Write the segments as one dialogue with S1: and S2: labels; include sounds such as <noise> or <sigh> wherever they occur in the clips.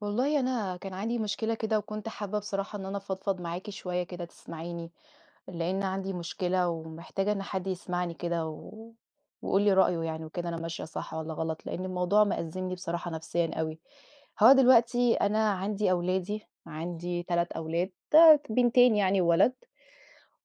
S1: والله أنا كان عندي مشكلة كده، وكنت حابّة بصراحة إن أنا أفضفض معاكِ شويّة كده تسمعيني، لأن عندي مشكلة ومحتاجة إن حد يسمعني كده، و ويقول لي رأيه يعني وكده، أنا ماشية صح والّا غلط، لأن الموضوع مأزّمني بصراحة نفسيًا أوي. هو دلوقتي أنا عندي أولادي عندي 3 أولاد ت بِنتين يعني وولد،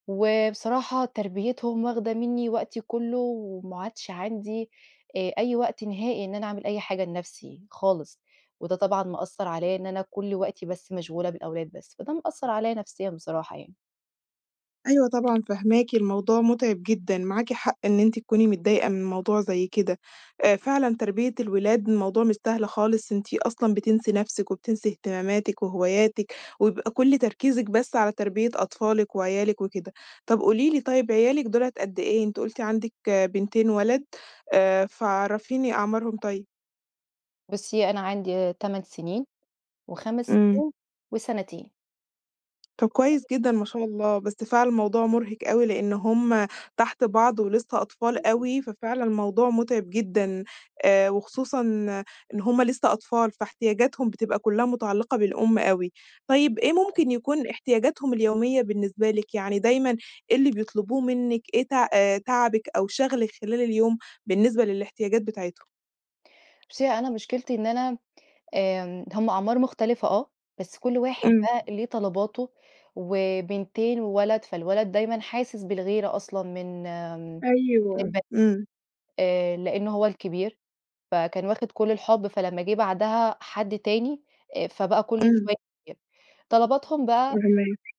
S1: وبصراحة تربيتهم واخدة مِنّي وقتي كلّه، وما عادش عندي آآ، أي وقت نهائي إن أنا أعمل أي حاجة لنَفسي خالص، وده طبعًا مأثر عليَّ إن أنا كل وقتي بس مشغولة بالأولاد بس، فده مأثر عليَّ نفسيًا بصراحة يعني.
S2: أيوه طبعًا فاهماكِ، الموضوع متعب جدًا. معاكِ حق إن أنتِ تكوني متضايقة من موضوع زي كده. آآ، فعلًا تربية الولاد الموضوع مش سهل خالص، أنتِ أصلًا بتنسي نَفسِك وبتنسي اهتماماتِك وهواياتِك، وبيبقى كل تركيزِك بس على تربية أطفالِك وعيالِك وكده. طب قولي لي طيّب عيالِك دُولة قد إيه؟ أنتِ قلتِ عندِك بِنتين وولد، آآ، فعرفيني أعمارهم طيّب.
S1: بُصّي، أنا عندي آآ، 8 سنين، و5
S2: امم.
S1: سنين، وسنتين.
S2: طب كويس
S1: <unintelligible>
S2: جدًا ما شاء الله، بس فعلًا الموضوع مُرهق أوي لأن هم تحت بعض ولسه أطفال
S1: بالضبط.
S2: أوي، ففعلًا الموضوع متعب جدًا، آآ، وخصوصًا إن هم لسه أطفال فاحتياجاتهم بتبقى كلها متعلقة بالأم أوي. طيب إيه
S1: بالضبط.
S2: ممكن يكون احتياجاتهم اليومية بالنسبة لِك؟ يعني دايمًا إيه اللي بيطلبوه منِك؟ إيه ت آآ تاعبِك أو شاغلِك خلال اليوم بالنسبة للاحتياجات بتاعتهم؟
S1: بُصي أنا مشكلتي إن أنا آمم، هم أعمار مختلفة آه، بس كل واحد
S2: امم.
S1: بقى ليه طلباته، وبِنتين وولد فالولد دايمًا حاسس بالغيرة أصلًا من آآ
S2: أيوه،
S1: البن
S2: امم.
S1: آآ لأن هو الكبير. فكان واخد كل الحب، فلما جه بعدها حد تاني، آآ فبقى كل
S2: امم.
S1: شوية <unintelligible> طلباتهم بقى
S2: فاهماكِ.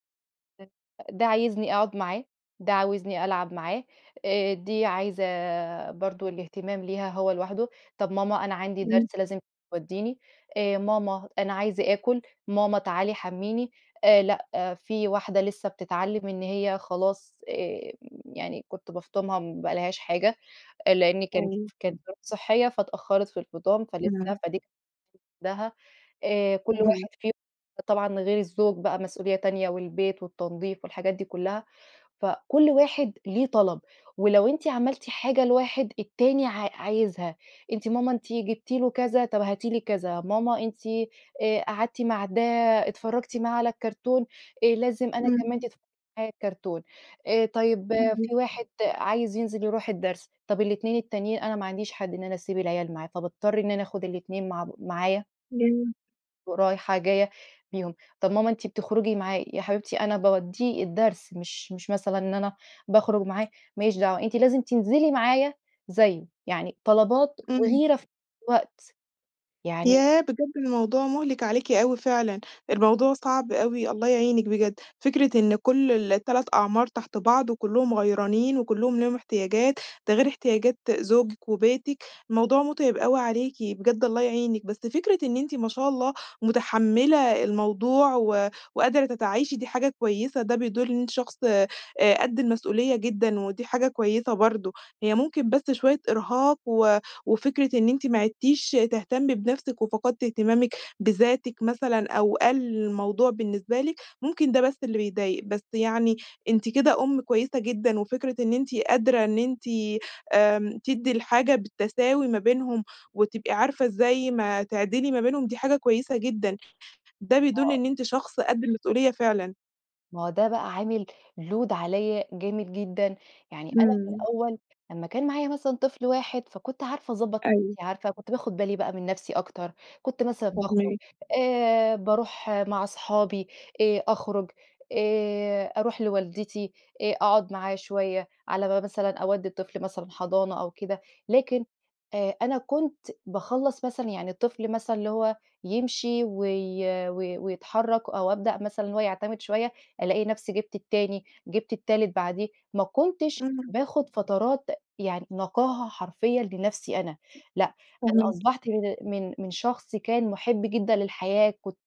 S1: <unintelligible> ده عايزني أقعد معاه. ده عاوزني ألعب معاه. آآ دي عايزة برضو الاهتمام ليها هو لوحده. طب ماما أنا عندي
S2: امم.
S1: درس لازم توديني. آآ، ماما أنا عايزة أكُل. ماما تعالي حمّيني. آآ لأ في واحدة لسه بتتعلم إن هي خلاص آآ يعني كنت بافطُمها ما بقالهاش حاجة، آآ لأني كانت
S2: أيوه.
S1: ف كانت ظروف صحية فاتأخرت في الفطام فلسه
S2: امم.
S1: فدي <unintelligible> وحدها. آآ كل
S2: صحيح.
S1: واحد فيهم طبعًا غير الزوج بقى مسؤولية تانية، والبيت والتنضيف والحاجات دي كلها، فكل واحد ليه طلب، ولو أنتِ عملتِ حاجة لواحد التاني ع عايزها. أنتِ ماما أنتِ جبتِ له كذا طب هاتي لي كذا. ماما أنتِ آآ قعدتِ مع ده اتفرجتِ معاه على الكرتون، آآ لازم أنا كمان
S2: امم.
S1: تتفرجي معايا على الكرتون. آآ طيب
S2: <unintelligible>
S1: في واحد عايز ينزل يرُوح الدرس، طب ال2 التانيين أنا ما عنديش حد إن أنا أسيب العيال معاه، فباضطر إن أنا أخد الاتنين مع ب معايا.
S2: جميل.
S1: ورايحة جاية بيهم، طب ماما أنتِ بتخرجي معاه، يا حبيبتي أنا باودِّيه الدرس، مش مش مثلًا إن أنا باخرج معاه، ماليش دعوة، أنتِ لازم تنزلي معايا زيه، يعني طلبات
S2: إمم.
S1: وغيرة في نفس الوقت يعني
S2: ياه! بجد الموضوع مُهلِك عليكِ أوي فعلًا، الموضوع صعب أوي، الله يعينِك بجد، فكرة إن كل 3 أعمار تحت بعض، وكلّهم غيرانين، وكلّهم ليهم احتياجات، ده غير احتياجات زوجك وبيتك، الموضوع متعب أوي عليكِ، بجد الله يعينِك، بس فكرة إن أنتِ ما شاء الله متحمِّلة الموضوع و وقادرة تتعايشي، دي حاجة كويِّسة، ده بيدل إن أنتِ شخص آآ، قدّ المسؤولية جدًا، ودي حاجة كويسة برضه، هي ممكن بس شوية إرهاق، و وفكرة إن أنتِ ما عِدتيش تهتمي بنفسك وفقدتي اهتمامك بذاتك مثلًا، أو قلّ الموضوع بالنسبة لك، ممكن ده بس اللي بيضايق، بس يعني أنتِ كده أم كويسة جدًا، وفكرة إن أنتِ قادرة إن أنتِ آآ، تدِّي الحاجة بالتساوي ما بينهم، وتبقي عارفة إزاي ما تعدلي ما بينهم، دي حاجة كويسة جدًا، ده بيدل
S1: آه.
S2: إن أنتِ شخص قد المسؤولية فعلًا.
S1: ما هو ده بقى عامِل load عليّا جامد جدًا، يعني أنا في
S2: إمم.
S1: الأول لمّا كان معايا مثلًا طفل واحد فكنت عارفة أضبّط
S2: أيوه.
S1: نفْسي، عارفة كنت باخد بالي بقى من نفْسي أكتر، كنت مثلًا باخرج
S2: فاهماكِ.
S1: آآ، بارُوح مع أصحابي، آآ، أخرج، آآ أرُوح لوالدتي آآ، أقعُد معاها شوية على ما مثلًا أودّي الطفل مثلًا حضَانة أو كده. لكن آآ أنا كنت باخلّص مثلًا، يعني الطفل مثلًا اللي هو يمشي وي و ويتحرك أو أبدأ مثلًا هو يعتمد شوية، ألاقي نفْسي جِبت التاني، جِبت التالت بعديه، ما كنتش
S2: امم.
S1: باخد فترات يعني نقاهة حرفيًا لنفْسي أنا، لأ أنا
S2: فاهماكِ.
S1: أصبحْت من ال من من شخص كان مُحب جدًا للحياة، كنت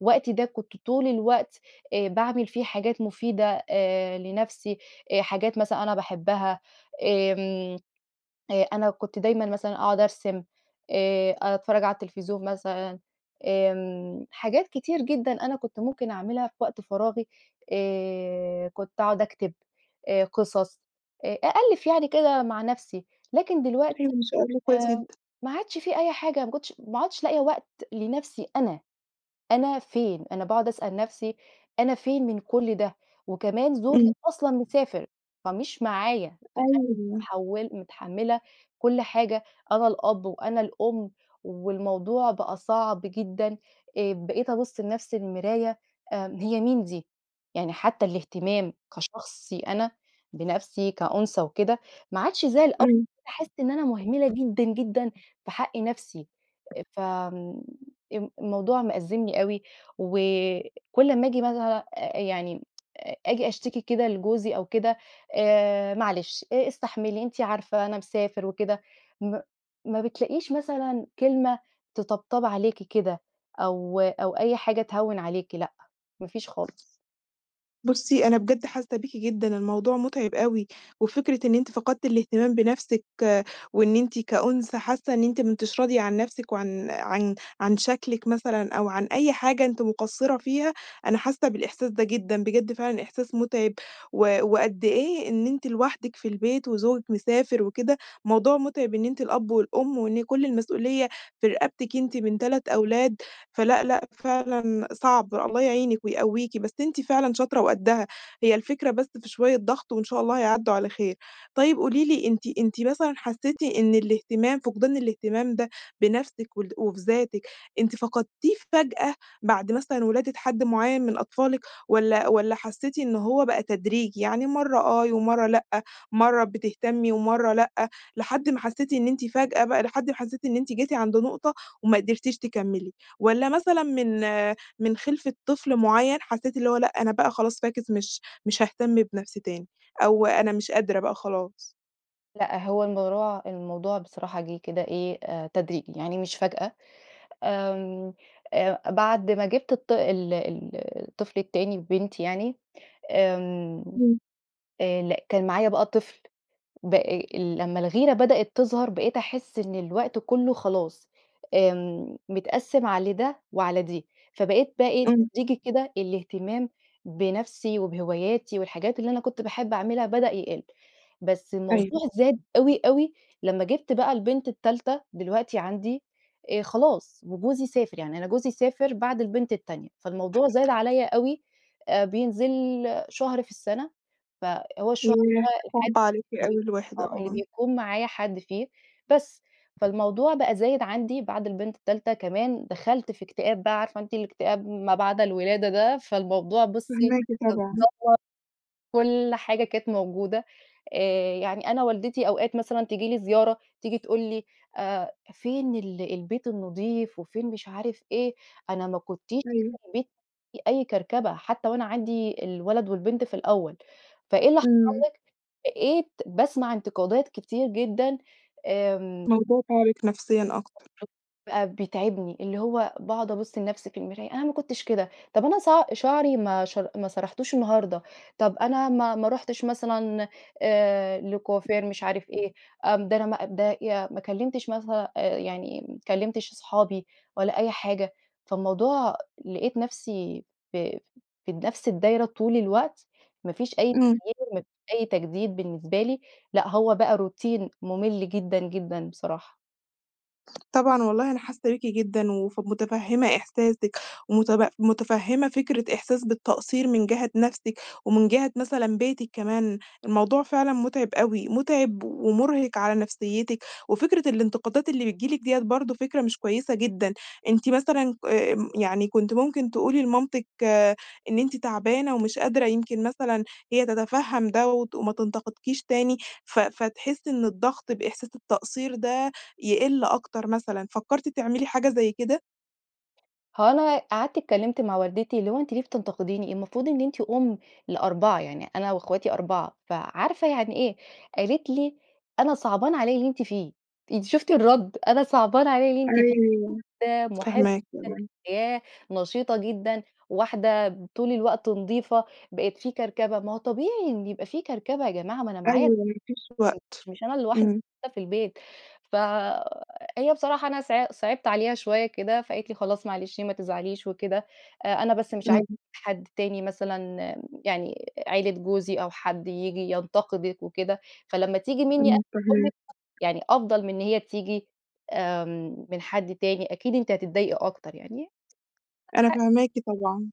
S1: وقتي ده كنت طُول الوقت آآ باعمل فيه حاجات مفيدة آآ، لنفْسي، آآ، حاجات مثلًا أنا باحبها، آمم، آآ أنا كنت دايمًا مثلًا أقعُد أرسم، آآ، أتفرّج على التلفزيون مثلًا، آمم حاجات كتير جدًا أنا كنت ممكن أعملها في وقت فراغي، آآ كنت أقعُد أكتب آآ قصص آآ، أألّف يعني كده مع نفْسي، لكن
S2: حلْو
S1: دلوقتي
S2: ما شاء الله، كويس جدًا.
S1: آمم ما عادش في أي حاجة، ما كنتش ما عدْتش لاقية وقت لنفْسي أنا، أنا فين؟ أنا باقعد أسأل نفْسي، "أنا فين من كُل ده؟" وكمان زوجي
S2: امم.
S1: أصلًا مسافر، فمش معايا <unintelligible>
S2: أيوه.
S1: متحول متحمّلة كُل حاجة، أنا الأب وأنا الأم، والموضوع بقى صعْب جدًا، آآ، بقيت أبص لنفْسي المراية آمم "هي مين دي؟!" يعني حتّى الاهتمام كشخصي أنا بنفْسي كأنثى وكده، ما عادش زي الأول،
S2: إمم.
S1: بقيت باحسّ إن أنا مهمِلة جدًا، جدًا في حق نفْسي، أ فآمم، امم الموضوع مأزّمني أوي، وكُل أمّا آجي مثلًا يعني <tsk> آآ آجي أشتكي كده لجوزي أو كده، "آآ معلش إ إستحملي أنتِ عارفة أنا مسافر وكده." م ما بتلاقيش مثلًا كلمة تطبطب عليكِ كده، أو أو أي حاجة تهوّن عليكِ لأ، ما فيش خالص.
S2: بصّي أنا بجد حاسّة بيكِ جدًا؛ الموضوع متعِب أوي، وفكرة إن أنتِ فقدتِ الاهتمام بنفسِك، وإن أنتِ كأنثى حاسّة إن أنتِ ما أنتيش راضية عن نفسِك وعن عن عن شكلِك مثلًا أو عن أي حاجة أنتِ مقصّرة فيها، أنا حاسّة بالإحساس ده جدًا، بجد فعلًا إحساس متعِب و وقدّ إيه إن أنتِ لوحدِك في البيت وزوجِك مسافر وكده، موضوع متعِب إن أنتِ الأب والأم، وإن كل المسؤولية في رقبتِك أنتِ من 3 أولاد، فلأ، لأ، فعلًا صعْب، الله يعينِك ويقويكِ، بس أنتِ فعلًا شاطرة وقدّها، هي الفكرة بس في شوية ضغْط، وإن شاء الله هيعدّوا على خير. طيّب قولي لي أنتِ أنتِ مثلًا حسيتِ إن الاهتمام، فقدان الاهتمام ده بنفسِك ول وبذاتِك، أنتِ فقدتيه فجأة بعد مثلًا، ولادة حد معيّن من أطفالِك، والّا والّا حسيتِ إن هو بقى تدريجي، يعني مرّة آه، ومرّة لأ، مرّة بتهتمي ومرّة لأ، لحد ما حسيتِ إن أنتِ فجأة بقى لحد ما حسيتِ إن أنتِ جيتِ عند نقطة وما قدِرتيش تكمّلي؟ والّا مثلًا من من خِلفة طفل معيّن حسيتِ اللي هو لأ، أنا بقى خلاص فاكِس مش مش هاهتم بنفْسي تاني، أو أنا مش قادرة بقى خلاص؟
S1: لأ، هو الموضوع الموضوع بصراحة جِه كده إيه آآ تدريجي، يعني مش فجأة. آمم، آآ، بعد ما جِبت الط ال ال الطفل التاني بنتي يعني آمم،
S2: امم.
S1: آآ، لأ، كان معايا بقى طفل ب آآ لمّا الغيرة بدأت تظهر، بقيت أحس إن الوقت كلّه خلاص، آمم، متقسم على ده وعلى دي، فبقيت بقى إيه
S2: امم.
S1: تدريجي كده الاهتمام بنفسي، وبهواياتي والحاجات اللي أنا كنت باحب أعملها بدأ يقل. بس الموضوع
S2: أيوه.
S1: زاد أوي، أوي لمّا جِبت بقى البنت التالتة دلوقتي عندي آآ، خلاص وجوزي سافر، يعني أنا جوزي سافر بعد البنت التانية فالموضوع زاد عليّ أوي آآ، بينزل شهر في السنة، فهو الشهر
S2: ياه!
S1: ده الحاجة
S2: صعبة عليكِ أوي
S1: <unintelligible>
S2: الوحدة
S1: آه اللي
S2: آه.
S1: بيكون معايا حد فيه، بس فالموضوع بقى زايد عندي بعد البنت التالتة كمان دخلت في اكتئاب بقى، عارفة أنتِ الاكتئاب ما بعد الولادة ده، فالموضوع بُصي
S2: فاهماكِ
S1: كان
S2: طبعًا
S1: دمّر كل حاجة كانت موجودة آآ، يعني أنا والدتي أوقات مثلًا تيجي لي زيارة، تيجي تقول لي: آآ "فين ال البيت النضيف؟ وفين مش عارف إيه؟ أنا ما كنتيش
S2: أيوه.
S1: <unintelligible> فيه أي كركبة، حتّى وأنا عندي الولد والبنت في الأوّل فإيه اللي حصل
S2: امم.
S1: لك؟" بقيت باسمع انتقادات كتير جدًا. آمم
S2: الموضوع تاعبك نفسيًا أكتر.
S1: <unintelligible> بقى بيتعبني، اللي هو باقعد أبصّ لنفسي في المرايا "أنا ما كنتش كده، طب أنا ص شعري ما شر ما سرحتوش النهارده، طب أنا ما ما رحتش مثلًا آآ، لكوافير مش عارف إيه <unintelligible> أنا ده أنا يا ما كلمتش مثلًا آآ، يعني ما كلمتش اصحابي ولا أي حاجة" فالموضوع لاقيت نفسي في في في نفس الدايرة طول الوقت، ما فيش أي
S2: امم.
S1: تغيير، ما فيش أي تجديد بالنسبة لي، لأ، هو بقى روتين مُملّ جدًا، جدًا بصراحة.
S2: طبعًا والله أنا حاسّة بيكِ جدًا، وف متفهمة إحساسِك ومتب متفهمة فكرة إحساس بالتقصير من جهة نفسِك، ومن جهة مثلًا بيتِك كمان. الموضوع فعلًا متعب أوي، متعب ومرهق على نفسيتِك. وفكرة الانتقادات اللي بتيجي لكِ ديّة برضو فكرة مش كويّسة جدًا. أنتِ مثلًا ك آمم، كنتِ ممكن تقولي لمامتِك، إن أنتِ تعبانة ومش قادرة، يمكن مثلًا هي تتفهم ده، وت وما تنتقدكيش تاني، ف فتحس إن الضغط بإحساس التقصير ده يقل أكتر مثلًا. فكرتِ تعملي حاجة زي كده؟
S1: هو أنا قعدت اتكلّمت مع والدتي، اللي هو أنتِ ليه بتنتقديني؟ المفروض إن أنتِ أم ل4، يعني أنا واخواتي 4 فعارفة يعني إيه. قالت لي: "أنا صعبان عليّ اللي أنتِ فيه." أنتِ شفتِ الرد؟! أنا صعبان عليّ اللي أنتِ فيه
S2: أيوه
S1: من واحدة
S2: فاهماكِ
S1: محبة
S2: آه.
S1: للحياة، نشيطة جدًا، واحدة طول الوقت نظيفة بقت في كركبة. ما هو طبيعي إن يبقى في كركبة يا جماعة، ما أنا معايا
S2: أيوه، مفيش
S1: <unintelligible> مش
S2: وقت.
S1: مش أنا لوحدي اللي
S2: امم.
S1: موجودة في البيت. فهي بصراحة أنا ص صعبت عليها شويّة كده، فقالت لي: "خلاص معلش ما تزعليش وكده. أ أنا بس مش عايزة
S2: امم.
S1: حد تاني مثلًا" امم، يعني عيلة جوزي "أو حد ييجي ينتقدك وكده. فلما تييجي مِنّي أنا
S2: امم فاهماكِ.
S1: أمك يعني أفضل من إن هي تييجي آمم، من حد تاني، أكيد أنتِ هتتضايقي أكتر يعني. <unintelligible>
S2: أنا
S1: ح
S2: فاهماكِ طبعًا،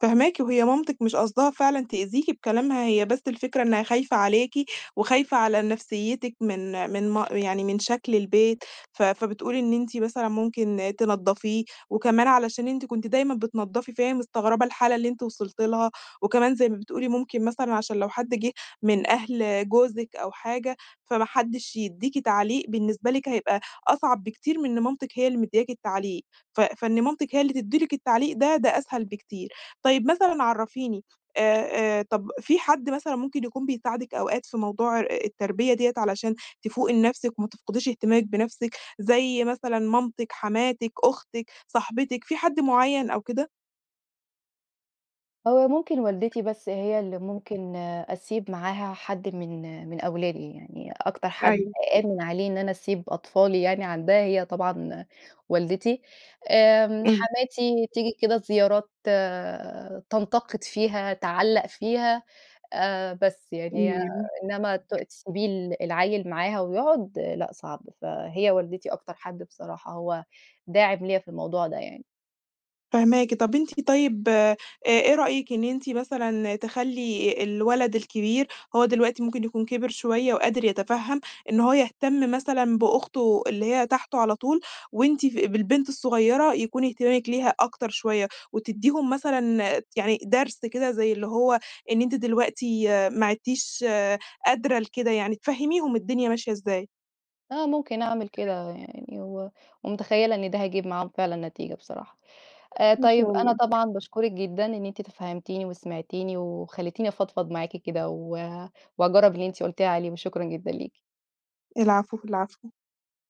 S2: فاهماكِ. وهي مامتِك مش قصدها فعلًا تأذيكِ بكلامها، هي بس الفكرة إنّها خايفة عليكِ، وخايفة على نفسيتِك من من م يعني من شكل البيت. ف فبتقول إن أنتِ مثلًا ممكن تنضفيه، وكمان علشان أنتِ كنتِ دايمًا بتنضفي فهي مستغربة الحالة اللي أنتِ وصلتِ لها. وكمان زي ما بتقولي ممكن مثلًا عشان لو حد جه من أهل جوزِك أو حاجة فما حدش يديكِ تعليق، بالنسبة لكِ هيبقى أصعب بكتير من إن مامتِك هي اللي مدياكِ التعليق. ف فإن مامتِك هي اللي تدّي لكِ التعليق ده، ده أسهل بكتير. طيّب مثلًا عرّفيني آآ آآ، طب في حد مثلًا ممكن يكون بيساعدِك أوقات في موضوع آآ، التربية ديّة علشان تفوقي لنفسِك، وما تفقديش اهتمامِك بنفسِك؟ زي مثلًا مامتِك، حماتِك، أختِك، صاحبتِك، في حد معيّن أو كده؟
S1: هو ممكن والدتي بس هي اللي ممكن آآ، أسيب معاها حد من آآ، من أولادي يعني، أكتر حد
S2: أيوه.
S1: أأمن عليه إن أنا أسيب أطفالي يعني عندها هي طبعًا والدتي، آمم
S2: امم.
S1: حماتي تيجي كده زيارات آآ، تنتقد فيها، تعلَّق فيها، آآ، بس يعني، هي
S2: أيوه.
S1: إنما ت تسيبي العيل معاها ويقعد، لأ، صعب، فهي والدتي أكتر حد بصراحة هو داعم ليَّا في الموضوع ده يعني.
S2: فاهماكِ، طب أنتِ طيب آآ، أ إيه رأيكِ إن أنتِ مثلًا تخلّي الولد الكبير هو دلوقتي ممكن يكون كِبِر شوية وقادر يتفهم، إن هو يهتم مثلًا بأخته اللي هي تحته على طول، وأنتِ ف بالبنت الصغيرة يكون اهتمامِك ليها أكتر شوية، وتديهم مثلًا آآ، يعني درس كده زي اللي هو إن أنتِ دلوقتي ما عِدتيش قادرة لكده يعني تفهميهم الدنيا ماشية إزاي.
S1: آه ممكن أعمل كده يعني، و ومتخيلة إن ده هيجيب معاهم فعلًا، نتيجة بصراحة، آآ،
S2: إن
S1: طيب
S2: شاء
S1: أنا
S2: الله.
S1: طبعًا باشكرِك جدًا إن أنتِ تفهمتيني وسمعتيني وخلِّتيني أفضفض معاكِ كده، و وهاجرب اللي أنتِ قلتِ لي عليه، وشكرًا جدًا ليكِ.
S2: العفو، العفو.